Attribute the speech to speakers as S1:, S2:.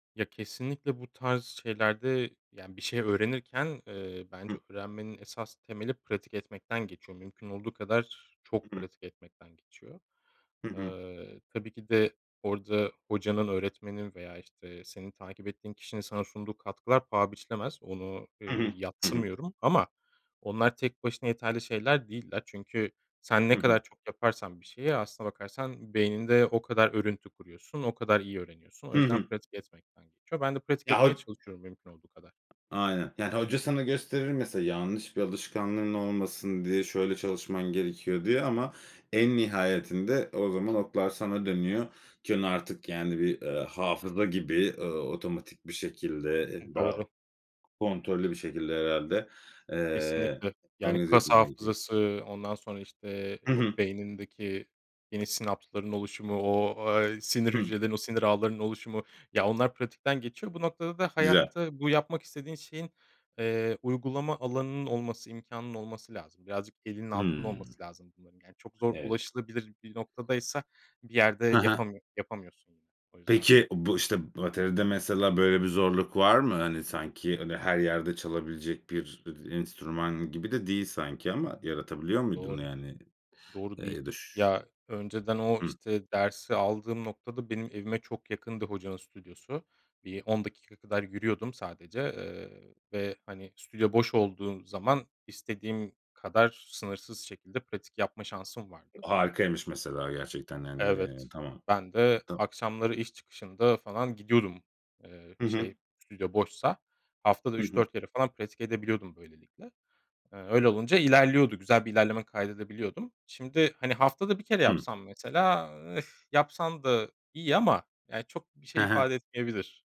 S1: Ya kesinlikle bu tarz şeylerde, yani bir şey öğrenirken, eee, bence
S2: Hı.
S1: öğrenmenin esas temeli pratik etmekten geçiyor. Mümkün olduğu kadar
S2: I
S1: çok
S2: hı.
S1: pratik etmekten geçiyor.
S2: Hı hı.
S1: Eee, tabii ki de orada hocanın öğretmenin veya, işte, senin takip ettiğin kişinin sana sunduğu katkılar paha biçilemez. Onu, ııı,
S2: Hı hı. Hı hı.
S1: yadsımıyorum ama onlar tek başına yeterli şeyler değiller. Çünkü sen
S2: Hı
S1: ne
S2: hı.
S1: kadar çok yaparsan bir şeyi aslına bakarsan beyninde o kadar örüntü kuruyorsun, o kadar iyi öğreniyorsun. O
S2: Hı
S1: yüzden
S2: hı.
S1: pratik etmekten geçiyor. Ben de pratik
S2: Ya
S1: etmeye
S2: ho
S1: çalışıyorum mümkün olduğu kadar.
S2: Aynen. Yani, hoca sana gösterir mesela yanlış bir alışkanlığın olmasın diye. "Şöyle çalışman gerekiyor." diye ama en nihayetinde o zaman oklar sana dönüyor. Ki onu artık, yani, bir, ııı, hafıza gibi, ııı, otomatik bir şekilde,
S1: Hı,
S2: eee, daha
S1: doğru.
S2: kontrollü bir şekilde herhâlde, eee,
S1: Kesinlikle. Yani
S2: organize
S1: kas
S2: etmen gerekiyor.
S1: hafızası, ondan sonra, işte,
S2: Hı hı.
S1: o beynindeki yeni sinapsların oluşumu, o, eee, sinir
S2: Hı.
S1: hücrelerinin o sinir ağlarının oluşumu. Ya, onlar pratikten geçiyor. Bu noktada da
S2: Güzel.
S1: hayatta bu yapmak istediğin şeyin, eee, uygulama alanının olması, imkânının olması lazım. Birazcık elinin altında
S2: Hımm.
S1: olması lazım bunların. Yani çok zor
S2: Evet.
S1: ulaşılabilir bir noktadaysa bir yerde
S2: Ha ha.
S1: yapamıyor, yapamıyorsun yine. O yüzden
S2: Peki, bu, işte, atölyede mesela böyle bir zorluk var mı? Hani, sanki öyle her yerde çalabilecek bir, iii, d enstrüman gibi de değil sanki
S1: Hıı.
S2: ama yaratabiliyor muydun
S1: Doğru.
S2: yani?
S1: Doğru,
S2: Eee,
S1: değil.
S2: ya da ş
S1: Ya, önceden o,
S2: Hıı.
S1: işte, dersi aldığım noktada, benim evime çok yakındı hocanın stüdyosu. Bir 10 dakika kadar yürüyordum sadece, eee, ve, hani, stüdyo boş olduğu zaman istediğim kadar sınırsız şekilde pratik yapma şansım vardı.
S2: Harikaymış mesela gerçekten.
S1: Evet,
S2: Yani, tamam.
S1: ben de
S2: Tam
S1: akşamları iş çıkışında falan gidiyordum. Eee,
S2: Hı hı.
S1: şey, stüdyo boşsa. Haftada,
S2: Hı
S1: üç
S2: hı.
S1: dört kere falan pratik edebiliyordum böylelikle. Eee, öyle olunca ilerliyordu. Güzel bir ilerleme kaydedebiliyordum. Şimdi, hani, haftada 1 kere
S2: Hıı.
S1: yapsam mesela Ih, yapsan da iyi ama, yani, çok bir
S2: He
S1: şey
S2: he.
S1: ifade etmeyebilir.